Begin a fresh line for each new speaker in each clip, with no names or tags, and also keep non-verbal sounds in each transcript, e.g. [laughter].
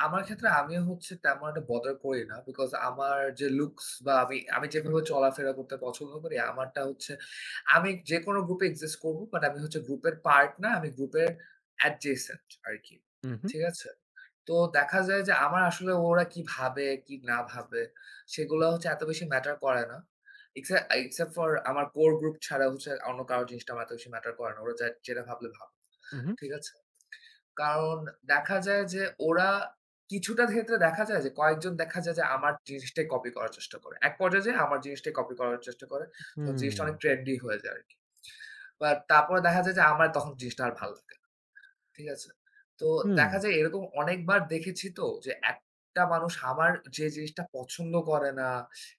আমার ক্ষেত্রে আমি হচ্ছে তেমন একটা বদার করি না। বিকজ আমার যে লুকস বা আমি আমি যেভাবে চলাফেরা করতে পছন্দ করি আমারটা হচ্ছে আমি যেকোনো গ্রুপ এ এক্সিস্ট করব। বাট আমি হচ্ছে গ্রুপের পার্ট না, আমি গ্রুপের অ্যাডজেসেন্ট আরকি,
হু, হু।
ঠিক আছে? তো দেখা যায় যে আমার আসলে ওরা কি ভাবে কি না ভাবে সেগুলা হচ্ছে এত বেশি ম্যাটার করে না। এক্সআ আই এক্সসেপ্ট ফর আমার কোর গ্রুপ ছাড়া হচ্ছে অন্য কারো জিনিসটা আমার এত বেশি ম্যাটার করে না। ওরা যাট যেটা ভাবলে ভাব,
হু, হু।
ঠিক আছে? কারণ দেখা যায় যে ওরা কিছুটা ক্ষেত্রে দেখা যায় যে কয়েকজন দেখা যায় যে আমার জিনিসটাই কপি করার চেষ্টা করে। এক পর্যায়ে যেয়ে আমার জিনিসটাই কপি করার চেষ্টা করে, তো জিনিসটা অনেক
হুম।
ট্রেন্ডি হয়ে যায় আরকি। অ্যা তারপরে দেখা যায় যে আমার তখন জিনিসটা আর ভাল লাগে না, ঠিক আছে? তো দেখা
হুম।
যায় এরকম অনেকবার দেখেছি তো, যে একটা মানুষ আমার যে জিনিসটা পছন্দ করে না,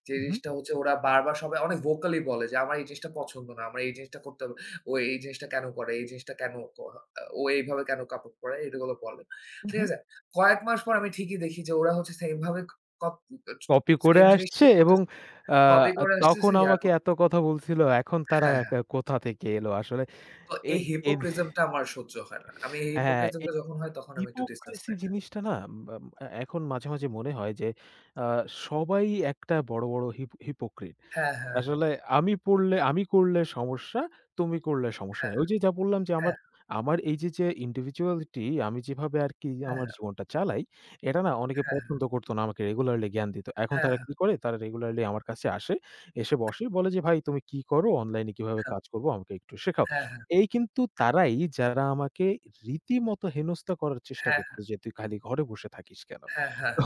যে
উ হু।
জিনিসটা হচ্ছে ওরা বারবার সবাই অনেক ভোকালি বলে যে, "আমার এই জিনিসটা পছন্দ না, আমার এই জিনিসটা করতে হবে। ও এই জিনিসটা কেনো করে? এই জিনিসটা কেনো ত ও এইভাবে কেনো কাপড় পরে?" এইটাগুলো বলে,
উ
ঠিক
হু।
আছে? কয়েক মাস পর আমি ঠিকই দেখি যে ওরা হচ্ছে সেইম ভাবে ক উম চ
কপি করে
সেইম
আসছে
জিনিসটাই
এবং
করতেছে।
অ্যা
কপি করে
তখন
আসতেছে, ইয়া
আমাকে
করতেছে
এত কথা বলছিল, এখন তারা
হ্যাঁ,
এ
হ্যাঁ।
কোথা থেকে এলো? আসলে
তো
এ
এই
এন
হিপোক্রিজমটা আমার সহ্য হয় না। আমি এই
হ্যাঁ, এ
হিপোক্রিজমটা যখন হয় তখন আমি একটু ডিসট্যান্স
হিপোক্রিসি
মেইন্টেন ক
জিনিসটা না মা অ্যা এখন মাঝে, মাঝে মনে হয় যে আ সবাই একটা বড়, বড় হিপ হিপোক্রিট।
হ্যাঁ,
তো
হ্যাঁ, হ্যাঁ।
আসলে আমি পড়লে আমি করলে সমস্যা, তুমি করলে সমস্যা
হ্যাঁ,
নাই। ঐযে যা বললাম যে আমার
হ্যাঁ।
এইযে যে ইন্ডিভিজুয়ালিটি আমি যেভাবে আরকি
হ্যাঁ,
আমার
হ্যাঁ।
জীবনটা চালাই, এটা না অনেকে
হ্যাঁ, হ্যাঁ।
পছন্দ করত না আমাকে রেগুলারলি জ্ঞান দিত। এখন
হ্যাঁ,
তারা কি
হ্যাঁ।
করে? তারা রেগুলারলি আমার কাছে আসে এসে বসে। বলে যে, "ভাই তুমি কী কর? অনলাইন এ কীভাবে
হ্যাঁ।
কাজ করব আমাকে একটু শেখাও।"
হ্যাঁ, হ্যাঁ,
এই কিন্তু
হ্যাঁ।
তারাই যারা আমাকে রীতিমত হেনস্থা করার চেষ্টা
হ্যাঁ,
করতো
হ্যাঁ।
যে, "তুই খালি ঘরে বসে থাকিস কেনো?"
হ্যাঁ, হ্যাঁ, হ্যাঁ।
তো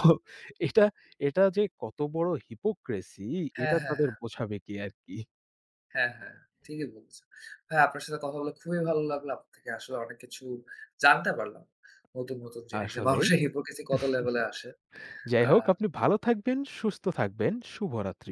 এটা, এটা যে কত বড় হিপোক্রিসি
হ্যাঁ,
এটা
হ্যাঁ,
তাদের
হ্যাঁ।
বোঝাবে কে আরকি।
হ্যাঁ, হ্যাঁ, ঠিকই বলছেন। ভাই আপনার সাথে কথা বলে খুবই ভালো লাগলো। আপনার থেকে আসলে অনেক কিছু জানতে পারলাম। নতুন, নতুন জিনিস যে
আসলেই।
মানুষের হিপোক্রিসি কত লেভেলে আসে।
[chuckles] যাই হোক
আ
আপনি ভালো থাকবেন, সুস্থ থাকবেন শুভরাত্রি।